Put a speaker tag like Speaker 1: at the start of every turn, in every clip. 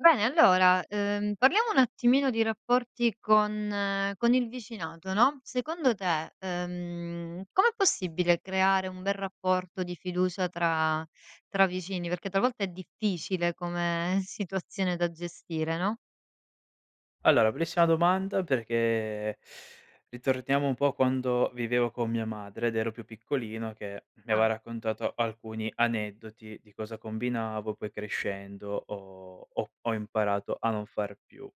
Speaker 1: Bene, allora, uhm, parliamo un attimino di rapporti con con il vicinato, no. Secondo te, ehm, com'è possibile creare un bel rapporto di fiducia tra tra vicini? Perché talvolta è difficile, come situazione da gestire, no?
Speaker 2: Allora, bellissima domanda perché ritorniamo un po' quando vivevo con mia madre, ed ero più piccolino che mi aveva
Speaker 1: Ah.
Speaker 2: raccontato alcuni aneddoti di cosa combinavo, poi crescendo, ho ho ho imparato a non far più.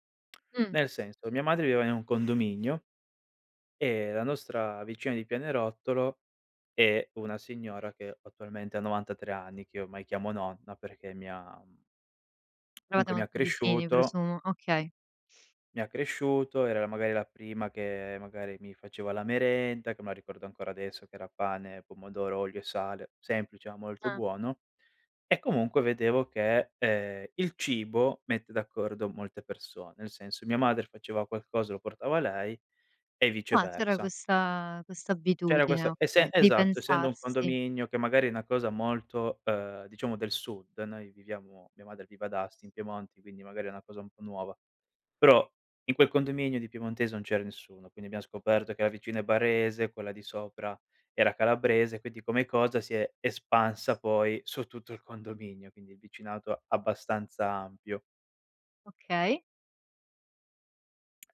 Speaker 1: Mh.
Speaker 2: Nel senso, mia madre viveva in un condominio, e la nostra vicina di pianerottolo è una signora che attualmente ha 93 anni, che io ormai chiamo "Nonna", perché mi ha, mhmm
Speaker 1: Eravate
Speaker 2: comunque, mi ha
Speaker 1: molto vicini,
Speaker 2: cresciuto
Speaker 1: presumo. Okay.
Speaker 2: mi ha cresciuto, era la magari la prima che magari mi faceva la merenda, che me la ricordo ancora adesso che era pane, pomodoro, olio e sale- semplice, ma molto
Speaker 1: Ah.
Speaker 2: buono- e comunque vedevo che, ehm, il cibo mette d'accordo molte person nel senso, mia madre faceva qualcosa lo portava a lei e
Speaker 1: Ah. c'era
Speaker 2: viceversa.
Speaker 1: questa questa
Speaker 2: C'era
Speaker 1: abitudine,
Speaker 2: questa essen
Speaker 1: okay, di
Speaker 2: esatto, essendo un
Speaker 1: pensarsi.
Speaker 2: condominio che magari è una cosa molto, ehm, diciamo del sud, noi viviamo mia madre vive ad Asti, in Piemonte, quindi magari, è una cosa un po' nuova, però in quel condominio di piemontese non c'era nessuno. Quindi abbiam scoperto che la vicina è barese, quella di sopra era calabrese, quindi come cosa si è espansa poi su tutto il condominio, quindi il vicinato abbastanza ampio.
Speaker 1: Okay.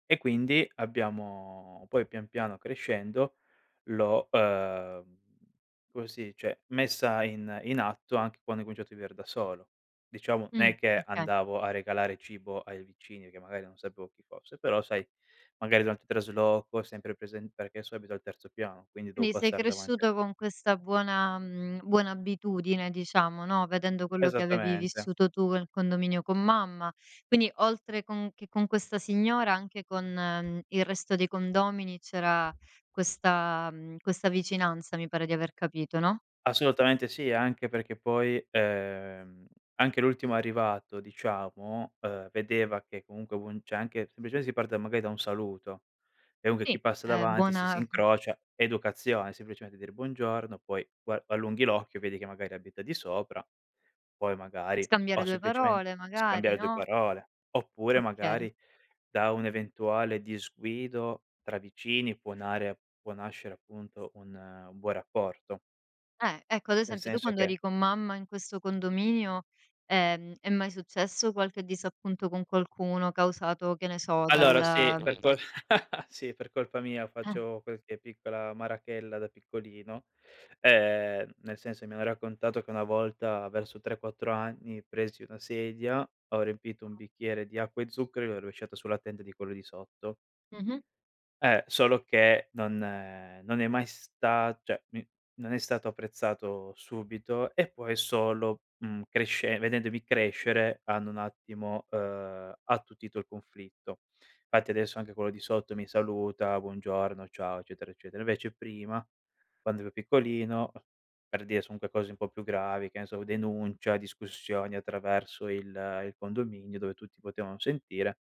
Speaker 2: E quindi abbiamo poi pian piano crescendo, l'ho, ehm, come si dice, messa in in atto anc quando ho cominciato di viver da solo. Diciamo,
Speaker 1: Mh,
Speaker 2: n'è che
Speaker 1: oka
Speaker 2: andavo a regalare cibo ai vicini, perchè magari non sapevo chi fosse, però sai, magari durante il trasloco è sempre presen perché adesso abito al terzo piano, quindi devo
Speaker 1: Quindi, sei
Speaker 2: passar davan
Speaker 1: cresciuto con questa buona mhmm, buona abitudine diciamo, no, vedendo quello che avevi
Speaker 2: Esattamente!
Speaker 1: vissuto tu nel condominio con mamma, quindi, oltre con che con questa signora, anche con, mhmm, il resto dei condomini, c'era questa mhmm, questa vicinanza, mi pare di aver capito, no?
Speaker 2: Assolutamente sì, e anche perché poi, ehm, anche l'ultimo arrivato, diciamo, ehm, vedeva che comunque v un cioè, anche sempliceme si parte da magari da un saluto, e dunque chi
Speaker 1: Sì,
Speaker 2: passa
Speaker 1: è
Speaker 2: davanti si
Speaker 1: buona
Speaker 2: si
Speaker 1: mh.
Speaker 2: incrocia educazione, semplicemente dire: "Buongiorno", poi pua allunghi l'occhio, vedi che magari abita di sopra, poi magari
Speaker 1: Scambiare
Speaker 2: o
Speaker 1: due
Speaker 2: semplicemen
Speaker 1: parole magari,
Speaker 2: scambiare due
Speaker 1: no?
Speaker 2: parole. Oppure
Speaker 1: Okay.
Speaker 2: magari, da un eventuale disguido tra vicini, può nare può nascere, appunto, un un buon rapporto.
Speaker 1: Eh. Ecco, ad
Speaker 2: Nel
Speaker 1: esempio, tu
Speaker 2: senso
Speaker 1: quando
Speaker 2: che
Speaker 1: eri con mamma in questo condominio, ehm, è mai successo qualche disappunto con qualcuno, causato, che ne so,
Speaker 2: Allora, sì
Speaker 1: dal
Speaker 2: per col sì, per colpa mia,
Speaker 1: Eh.
Speaker 2: facevo qualche piccola marachella da piccolino, ehm, nel senso mi hanno raccontato che una volta, verso 3, 4 anni, presi una sedia, ho riempito un bicchiere di acqua e zucchero, gliel'ho rovesciato sulla tenda di quello di sotto.
Speaker 1: Mh-mh.
Speaker 2: Eh, solo che non ehm, non è mai sta cioè, mi non è stato apprezzato subito, e poi solo, mhmm, cresce vedendomi crescere hanno un attimo, ehm, attutito il conflitto. Fatti adesso anche quello di sotto mi saluta, buongiorno, ciao, eccetera, eccetera. Invece prima, quando ero piccolino a per dire son unque cose un po' più gravi, che ne so, u denuncia, discussioni attraverso il il condominio, dove tutti potevano sentire,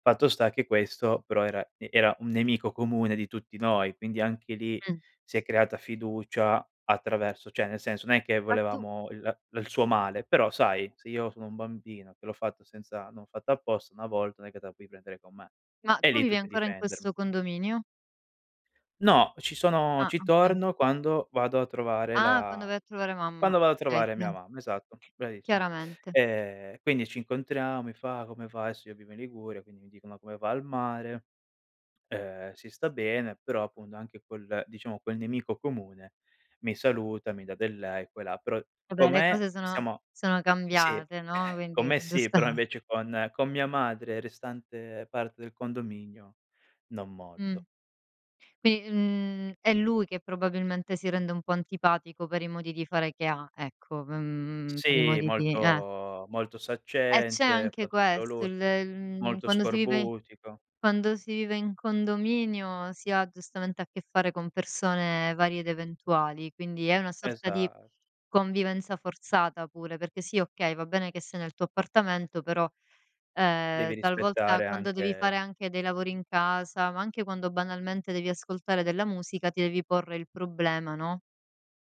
Speaker 2: fatto sta che questo, però era e era un nemico comune di tutti noi, quindi anche lì
Speaker 1: Mh.
Speaker 2: si è creata fiducia attraverso cioè nel senso non è che
Speaker 1: A tu
Speaker 2: volevamo il la il suo male, però sai, se io sono un bambino che l'ho fatto senza non ho fatto apposta, 1 volta non è che te la puoi prendere con me;
Speaker 1: Ma,
Speaker 2: e
Speaker 1: tu
Speaker 2: lì
Speaker 1: vivi
Speaker 2: tutti a
Speaker 1: ancora in
Speaker 2: difendermi.
Speaker 1: questo condominio?
Speaker 2: No, ci sono
Speaker 1: Ah,
Speaker 2: ci
Speaker 1: okay.
Speaker 2: torno quando vado a trovare
Speaker 1: Ah, quando
Speaker 2: la
Speaker 1: vai a trovare mamma.
Speaker 2: quando vado a
Speaker 1: Okay,
Speaker 2: trovare
Speaker 1: chia
Speaker 2: mia mamma, esatto, bravissima.
Speaker 1: chiaramente.
Speaker 2: E e quindi ci incontriamo, mi fa: "Come va?" Adesso io vivo in Liguria, quindi mi dicono: "Come va al mare?" ehm, "Si sta bene", però appunto, anche quel diciamo quel nemico comune mi saluta, mi dà del lei qua e là; però
Speaker 1: Eh
Speaker 2: con
Speaker 1: beh, le
Speaker 2: me,
Speaker 1: cose sono
Speaker 2: siamo a
Speaker 1: sono
Speaker 2: sì,
Speaker 1: cambiate, no,
Speaker 2: con
Speaker 1: quindi è
Speaker 2: me sì, però
Speaker 1: [unintelligible]
Speaker 2: invece con con mia madre e restante parte del condominio non
Speaker 1: Mh.
Speaker 2: molto.
Speaker 1: Quindi, mhmm, è lui che probabilmente si rende un po' antipatico per i modi di fare che ha, ecco, v mhmm, per i
Speaker 2: Sì,
Speaker 1: modi di eh.
Speaker 2: molto molto
Speaker 1: E c'è
Speaker 2: saccente,
Speaker 1: anche
Speaker 2: fa tutto
Speaker 1: questo!
Speaker 2: lui,
Speaker 1: Il il mhmm,
Speaker 2: molto
Speaker 1: quando si vive
Speaker 2: scorbutico.
Speaker 1: quando si vive in condominio si ha, giustamente, a che fare con persone varie ed eventuali, quindi è una sorta di,
Speaker 2: Esa
Speaker 1: convivenza forzata, pure, perché sì, okay, va bene che sei nel tuo appartamento però,
Speaker 2: Devi
Speaker 1: ehm, talvolta,
Speaker 2: rispettare,
Speaker 1: quando devi fare
Speaker 2: anche
Speaker 1: anche dei lavori in casa, ma anche quando, banalmente, devi ascoltare della musica, ti devi porre il problema, no,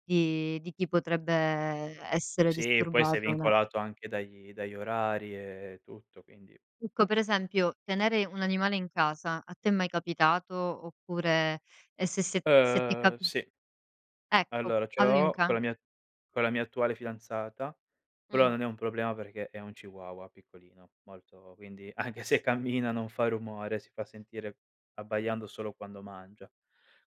Speaker 1: di di chi potrebbe e essere
Speaker 2: Sì, e poi sei
Speaker 1: disturbato da
Speaker 2: vincolato anche dagli dagli orari e tutto, quindi
Speaker 1: Ecco, per esempio: tenere un animale in casa, a te è mai capitato? Oppure e se se se ti
Speaker 2: Ehm,
Speaker 1: capi
Speaker 2: sì.
Speaker 1: Ecco,
Speaker 2: Allora, ce
Speaker 1: avevi un
Speaker 2: l'ho con
Speaker 1: ca
Speaker 2: la mia con la mia attuale fidanzata, però
Speaker 1: Mh.
Speaker 2: non è un problema perché è un chihuahua piccolino, molto, quindi anche se cammina, non fa rumore, si fa sentire abbaiando solo quando mangia.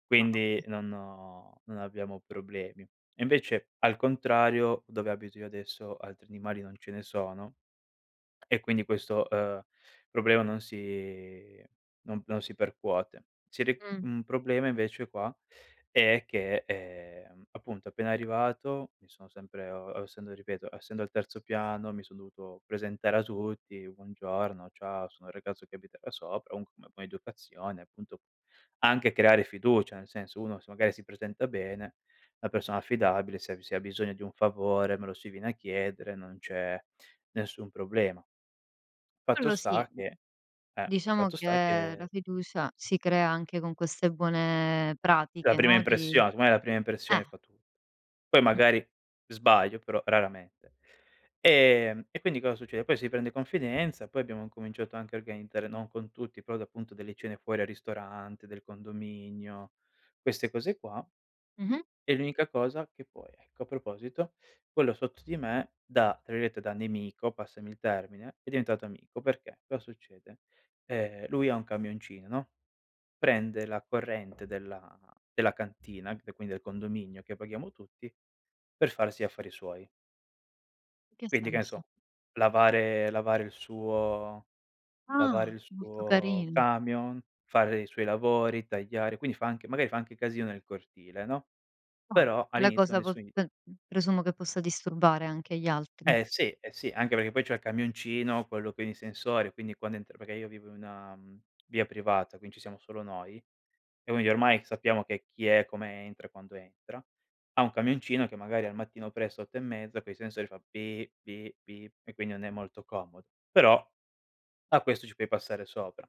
Speaker 2: Quindi
Speaker 1: [unintelligible]
Speaker 2: non ho non abbiamo problemi. E invece al contrario, dove abito io adesso, altri animali non ce ne sono, e quindi questo, ehm, problema non si non non si percuote. Si ri
Speaker 1: Mh.
Speaker 2: un problema invece qua è che, ehm, appunto, appena arrivato, mi sono sempre uhm, o ossendo ripeto, essendo al terzo piano, mi son dovuto presentare a tutti, "Buongiorno, ciao, sono il ragazzo che abita da sopra", comunque come poi è educazione, appunto, anche creare fiducia, nel senso uno se magari si presenta bene, 'na persona affidabile, se ha bi se ha bisogno di un favore me lo si viene a chiedere, non c'è nessun problema. Fatto
Speaker 1: Quello
Speaker 2: sta
Speaker 1: sì, mhmm.
Speaker 2: che eh,
Speaker 1: Diciamo
Speaker 2: fatto
Speaker 1: che
Speaker 2: sta
Speaker 1: la
Speaker 2: che
Speaker 1: fiducia si crea anche con queste buone
Speaker 2: La
Speaker 1: pratiche,
Speaker 2: prima
Speaker 1: no, di
Speaker 2: impression secondo me la prima impressione
Speaker 1: eh.
Speaker 2: fa tut poi
Speaker 1: Mh.
Speaker 2: magari sbaglio, però raramente. Ehm, e quindi cosa succede: poi si prende confidenza, poi abbiamo incominciato anche a organizzare no, con tutti, però da appunto delle cene fuori al ristorante del condominio, queste cose qua
Speaker 1: Mh-mh.
Speaker 2: e l'unica cosa che poi ecco, a proposito, quello sotto di me da tra virgolette da "nemico"- passami il termine- è diventato amico. Perché cosa succede: ehm, lui ha un camioncino no, prende la corrente della della cantina, e qui quindi del condominio che paghiamo tutti, per farsi gli affari suoi.
Speaker 1: Che
Speaker 2: Quindi che ne
Speaker 1: senso?
Speaker 2: so: lavare lavare il suo lavare
Speaker 1: Ah!
Speaker 2: il
Speaker 1: Molto
Speaker 2: suo
Speaker 1: carin
Speaker 2: camion, fare i suoi lavori, tagliare, quindi fa anche magari fa anche casino nel cortile, no.
Speaker 1: Eh.
Speaker 2: Però
Speaker 1: Tale
Speaker 2: all'inizio
Speaker 1: cosa pos
Speaker 2: nessun gli
Speaker 1: pen mhmm, presumo che possa disturbare anche gli altri.
Speaker 2: Eh sì, eh sì, anche perché poi c'ha il camioncino, quello con i sensori, quindi quando entra perché io vivo in una, mhmm, via privata quindi ci siamo solo noi, e quindi ormai sappiamo che chi è, come entra e quando entra ha un camioncino che magari al mattino presto, 8:30 con i sensori fa: "Bi Bi Bip", e quindi non è molto comodo. Però a questo ci puoi passare sopra.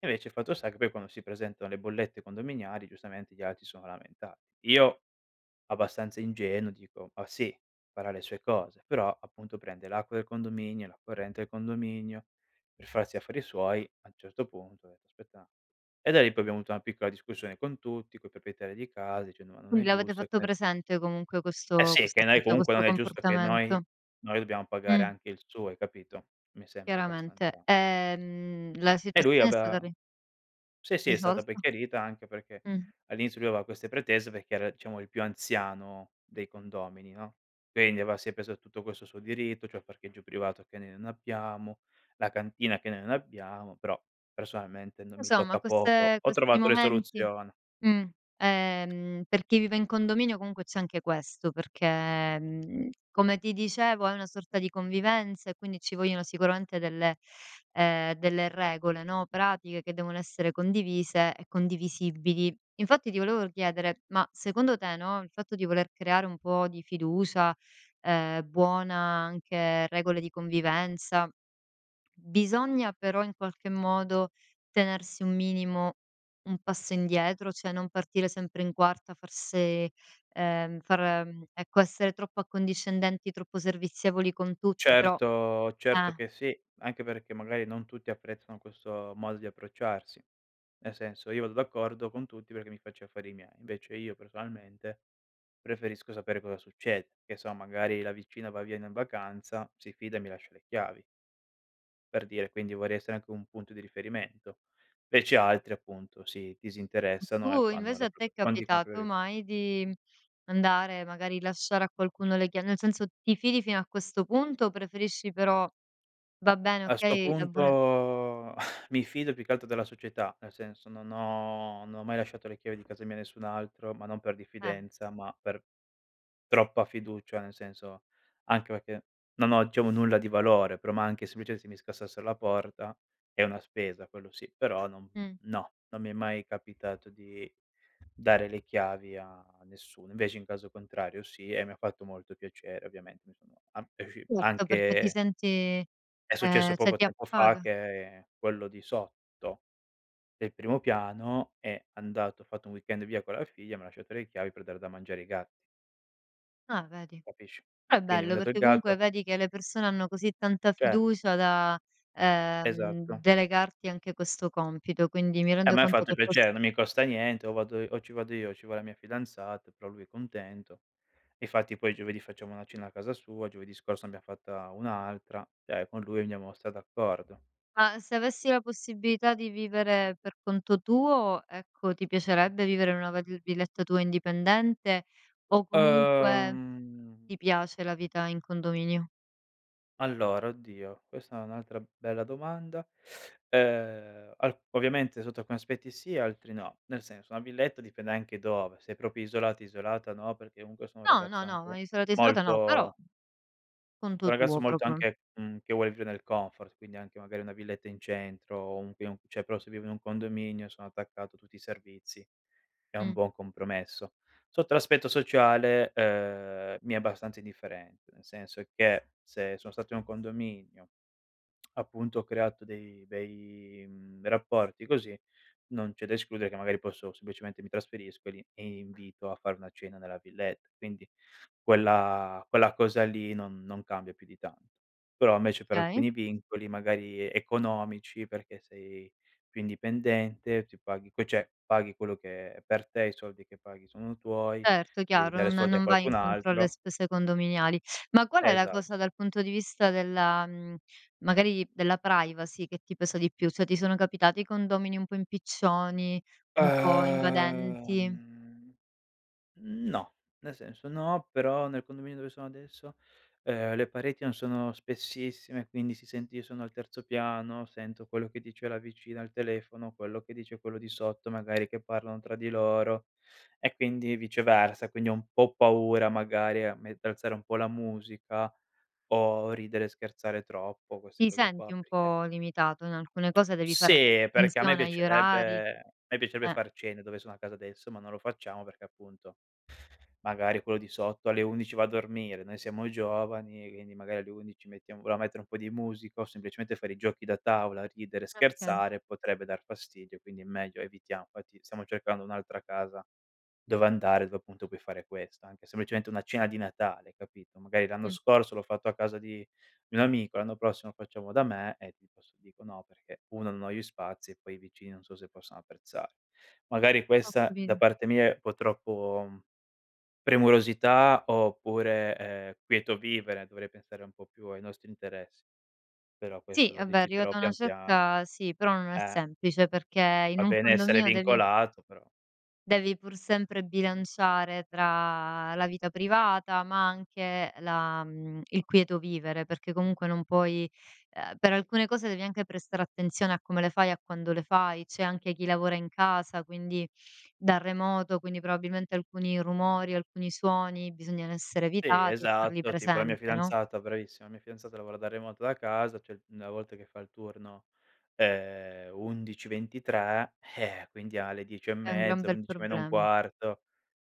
Speaker 2: Invece il fatto sta che poi, quando si presentano le bollette condominiali, giustamente gli altri si sono lamenta io, abbastanza ingenuo, dico: "Ma sì, farà le sue cose" però appunto prende l'acqua del condominio, la corrente del condominio, per farsi gli affari suoi. A un certo punto: "Aspetta", e da lì poi abbiamo avuto una piccola discussione con tutti, coi proprietari di casa dicendo: "Ma non è
Speaker 1: Quindi l'avete
Speaker 2: giusto,"
Speaker 1: fatto
Speaker 2: [unintelligible]
Speaker 1: presente, comunque
Speaker 2: Eh
Speaker 1: questo
Speaker 2: sì,
Speaker 1: questo
Speaker 2: che noi
Speaker 1: atteggia
Speaker 2: comunque
Speaker 1: questo
Speaker 2: non è giusto che noi
Speaker 1: comportamento.
Speaker 2: noi dobbiamo pagare
Speaker 1: Mh.
Speaker 2: anche il suo, hai capito. Mi sembra abbastanza
Speaker 1: Chiaramente. E, mhmm, la
Speaker 2: E lui
Speaker 1: situazione è stata
Speaker 2: aveva
Speaker 1: ri
Speaker 2: sì, sì, è stata poi
Speaker 1: risolta?
Speaker 2: chiarita, anche perchè
Speaker 1: Mh.
Speaker 2: all'inizio lui aveva queste pretese, perché era diciamo il più anziano dei condomini, no. Quindi aveva si è preso tutto questo suo diritto, cioè parcheggio privato che noi non abbiamo, la cantina che noi non abbiamo, però personalmente non mi
Speaker 1: Insomma,
Speaker 2: tocca poco.
Speaker 1: queste
Speaker 2: Ho
Speaker 1: questi
Speaker 2: trovato le
Speaker 1: momenti
Speaker 2: soluzione.
Speaker 1: mh. Ehm, per chi vive in condominio comunque c'è anche questo, perché, mhmm, come ti dicevo, è una sorta di convivenza e quindi ci vogliono sicuramente delle ehm, delle regole, no, pratiche, che devono essere condivise e condivisibili. Infatti, ti volevo r chiedere: ma secondo te no, il fatto di voler creare un po' di fiducia, ehm, buona, anche regole di convivenza bisogna, però, in qualche modo, tenersi un minimo un passo indietro, cioè non partire sempre in quarta a far se ehm, far mhmm, ecco, essere troppo accondiscendenti, troppo servizievoli con tutti, però
Speaker 2: Certo certo
Speaker 1: eh.
Speaker 2: che sì, anche perché magari non tutti apprezzano questo modo di approcciarsi. Nel senso io vado d'accordo con tutti perché mi faccio gli affari miei. Invece io personalmente, preferisco sapere cosa succede: che so, magari la vicina va via n in vacanza, si fida e mi lascia le chiavi per dire, quindi vorrei essere anche un punto di riferimento. Invece altri, appunto, si disinteressano e
Speaker 1: Tu
Speaker 2: fanno
Speaker 1: invece
Speaker 2: la
Speaker 1: a te è
Speaker 2: propr quan ti copro
Speaker 1: capitato
Speaker 2: io.
Speaker 1: mai di andare, magari lasciare a qualcuno le chia nel senso, ti fidi fino a questo punto o preferisci però va bene
Speaker 2: A 'sto
Speaker 1: okay la buona e
Speaker 2: punto, mi fido più che altro della società, nel senso, non ho non ho mai lasciato le chiavi di casa mia a nessun altro, ma non per
Speaker 1: Eh.
Speaker 2: diffidenza ma per troppa fiducia; nel senso, anche perché, non ho diciamo nulla di valore, però ma anche sempliceme se mi scassassero la porta è una spesa, quello sì; però non
Speaker 1: Mh.
Speaker 2: no, non mi è mai capitato di dare le chiavi, a a nessuno. Invece in caso contrario sì, e mi ha fatto molto piacere ovviamente, mi sono an [unintelligible]
Speaker 1: Certo perché ti
Speaker 2: anche
Speaker 1: senti
Speaker 2: è successo
Speaker 1: ehm, cioè
Speaker 2: poco
Speaker 1: ti
Speaker 2: tempo fa
Speaker 1: appaga.
Speaker 2: che quello di sotto, del primo piano, è andato ha fatto un weekend via con la figlia, mi ha lasciato le chiavi per dare da mangiare ai ga
Speaker 1: Ah, vedi.
Speaker 2: Capisci.
Speaker 1: Però è
Speaker 2: Quindi
Speaker 1: bello,
Speaker 2: mangiato il
Speaker 1: perché comunque
Speaker 2: gatto
Speaker 1: vedi che le persone hanno così tanta
Speaker 2: Cioè
Speaker 1: fiducia da, ehm,
Speaker 2: Esatto.
Speaker 1: delegarti anche questo compito, quindi mi
Speaker 2: A
Speaker 1: rendo
Speaker 2: me ha
Speaker 1: conto
Speaker 2: fatto
Speaker 1: che pos
Speaker 2: piacere, non mi costa niente, o vado i o ci vado io o ci va la mia fidanzata, però lui è contento. Infatti poi giovedì facciamo una cena a casa sua, giovedì scorso abbiam fatta un'altra; cioè con lui andiamo stra d'accordo.
Speaker 1: Ma, se avessi la possibilità di vivere per conto tuo, ecco, ti piacerebbe vivere in una vali villetta tua indipendente, o comunque
Speaker 2: Ehm
Speaker 1: ti piace la vita in condominio?
Speaker 2: Allora, oddio, questa è un'altra bella domanda. Ehm, al ovviamente sotto alcuni aspetti sì, altri no. Nel senso una villetta dipende anche dove: se è proprio isolati isolata no, perché comunque sono un
Speaker 1: No! No,
Speaker 2: ragazzo
Speaker 1: no, ma
Speaker 2: anche
Speaker 1: isolata, isolata no, però
Speaker 2: molto
Speaker 1: conto
Speaker 2: un ragazzo
Speaker 1: tuo
Speaker 2: molto
Speaker 1: proprio.
Speaker 2: anche, mhmm, che vuol vivere nel comfort, quindi anche magari una villetta in centro o un pi cioè, però se vivo in un condominio sono attaccato a tutti i servizi, è un
Speaker 1: Mh.
Speaker 2: buon compromesso. Sotto l'aspetto sociale, ehm, mi è abbastanza indifferente, nel senso che se so' stato in un condominio, appunto, ho creato dei bei mhmm, bei rapporti, così non c'è da escludere che magari posso semplicemente mi trasferisco lì e invito a fare una cena nella villetta, quindi quella quella cosa lì non non cambia più di tanto. Però invece, per
Speaker 1: Okay.
Speaker 2: alcuni vincoli magari e economici, perché sei più indipendente, ti paghi che cioè paghi quello che è per te, i soldi che paghi sono tuoi,
Speaker 1: Certo,
Speaker 2: devi
Speaker 1: chiaro,
Speaker 2: dare
Speaker 1: non
Speaker 2: soldi a
Speaker 1: non vai
Speaker 2: qualcun
Speaker 1: incontro alle
Speaker 2: altro.
Speaker 1: spese condominiali. Ma qual è la
Speaker 2: Esa
Speaker 1: cosa dal punto di vista della mhmm, magari, della privacy che ti pesa di più? Cioè, ti sono capitati i condomini un po' impiccioni, un po'
Speaker 2: Ehm
Speaker 1: invadenti?
Speaker 2: no, nel senso, no però, nel condominio dove sono adesso, ehm, le pareti non sono spessissime, quindi si sente io sono al terzo piano sento quello che dice la vicina al telefono, quello che dice quello di sotto, magari che parlano tra di loro e quindi viceversa; quindi ho un po' paura, magari a me a alzare un po' la musica, o ridere e scherzare troppo, queste
Speaker 1: Ti
Speaker 2: cose
Speaker 1: senti
Speaker 2: qua,
Speaker 1: un
Speaker 2: perché
Speaker 1: po' limitato in alcune cose, devi fare att
Speaker 2: Sì, perché a me
Speaker 1: attenzione agli orari;
Speaker 2: piacerebbe a me piacerebbe
Speaker 1: eh.
Speaker 2: far cene dove sono a casa adesso, ma non lo facciamo perché appunto magari quello di sotto alle 11:00 va a dormire, noi siamo giovani e quindi magari alle 11:00 mettiamo vogliamo mettere un po' di musica, o semplicemente fare i giochi da tavola, ridere,
Speaker 1: Okay.
Speaker 2: scherzare, potrebbe dar fastidio. Quindi è meglio evitiam fatti stiamo cercando un'altra casa dove andare, dove appunto puoi fare questo, anche semplicemente una cena di Natale capito. Magari l'anno
Speaker 1: Mh.
Speaker 2: scorso l'ho fatto a casa di di un amico, l'anno prossimo facciamo da me e ti [unintelligible] "No", perché 1 non ho gli spazi e poi i vicini non so se possono apprezza magari
Speaker 1: Ho
Speaker 2: questa da
Speaker 1: capito.
Speaker 2: parte mia è un po' troppo, mhmm, premurosità, oppure, ehm, quieto vivere, dovrei pensare un po' più ai nostri interessi. Però questo
Speaker 1: Sì,
Speaker 2: lo
Speaker 1: vabbè,
Speaker 2: deciderò
Speaker 1: arrivata a una
Speaker 2: pian piano.
Speaker 1: certa, sì, però, non è
Speaker 2: Eh
Speaker 1: semplice perché in
Speaker 2: va
Speaker 1: un
Speaker 2: bene essere
Speaker 1: condominio devi
Speaker 2: vincolato però
Speaker 1: devi pur sempre bilanciare tra la vita privata, ma anche la mhmm, il quieto vivere perché comunque non puoi ehm, per alcune cose devi anche prestare attenzione a come le fai a quando le fai, c'è anche chi lavora in casa, quindi da remoto, quindi probabilmente alcuni rumori, alcuni suoni, bisogna r essere
Speaker 2: Sì
Speaker 1: evitati e farli
Speaker 2: esatto, tipo la mia
Speaker 1: presente, no?
Speaker 2: fidanzata bravissima, la mia fidanzata lavora da remoto da casa, cioè, mhmm, una volta che fa il turno, ehm, 11:00-23:00, eh-eh, quindi alle dieci e
Speaker 1: È un gran
Speaker 2: mezza,
Speaker 1: bel
Speaker 2: undici meno un
Speaker 1: problem
Speaker 2: quarto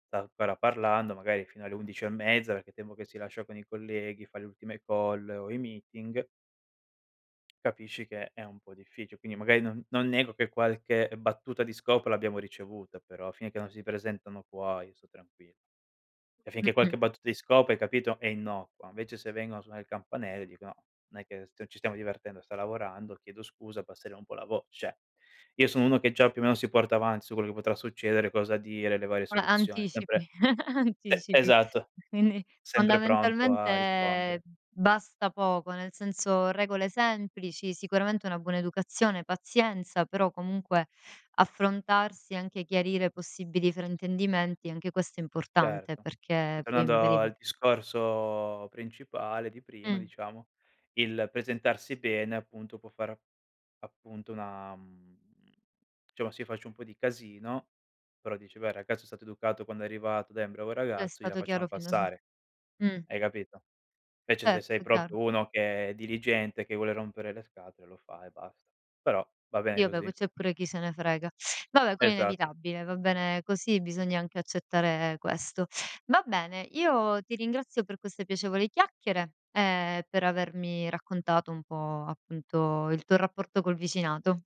Speaker 2: sta ancora parlando, magari fino alle 11:30 perché il tempo che si lascia con i colleghi, fa le ultime call o i meeting capisci che è un po' difficile, quindi magari non non nego che qualche battuta di scopa l'abbiamo ricevuta, però finché non si presentano qua io so' tranqui e finché
Speaker 1: Mh-mh.
Speaker 2: qualche battuta di scopa, hai capito, è innocua, invece se vengono a suonare il campanell dico: "No, non è che s ci stiamo divertendo, sta lavorando, chiedo scusa, abbassere un po' la vo" cioè, io sono uno che già più o meno si porta avanti, su quello che potrà succedere, cosa dire, le varie
Speaker 1: [unintelligible]
Speaker 2: soluzioni,
Speaker 1: Anticipi,
Speaker 2: sempre e
Speaker 1: anticipi.
Speaker 2: esatto.
Speaker 1: Quindi,
Speaker 2: Sempre pronto a rispondere.
Speaker 1: fondamentalmente basta poco nel senso regole semplici, sicuramente una buona educazione, pazienza, però comunque affrontarsi, anche chiarire possibili fraintendimenti, anche questo è importante,
Speaker 2: Certo. E
Speaker 1: perché poi
Speaker 2: tornando
Speaker 1: magari va
Speaker 2: al discorso principale di prima:
Speaker 1: Mh.
Speaker 2: diciamo il presentarsi bene appunto, può fare ap appunto una, mhmm diciamo, se io faccio un po' di casino però dice: "Beh, il ragazzo è stato educato quando è arrivato, dai è un bravo
Speaker 1: Sei
Speaker 2: ragazzo, gliela
Speaker 1: stato chiaro
Speaker 2: facciam
Speaker 1: fin da su
Speaker 2: passare",
Speaker 1: mh.
Speaker 2: hai capito? Invece se sei
Speaker 1: Certo, chiaro.
Speaker 2: proprio uno che è diligente, che vuole rompere le scatole, lo fa e basta, però va bene
Speaker 1: Sì, vabbè, poi
Speaker 2: così.
Speaker 1: c'è pure chi se ne frega vabbè quello è
Speaker 2: Esatto.
Speaker 1: inevitabile. Va bene così, bisogna anche accettare questo. Va bene, io ti ringrazio per queste piacevoli chiacchiere e per avermi raccontato un po', appunto, il tuo rapporto col vicinato.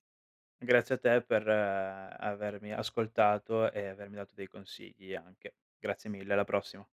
Speaker 2: Grazie a te per avermi ascoltato e avermi dato dei consigli anche. Grazie mille, alla prossima.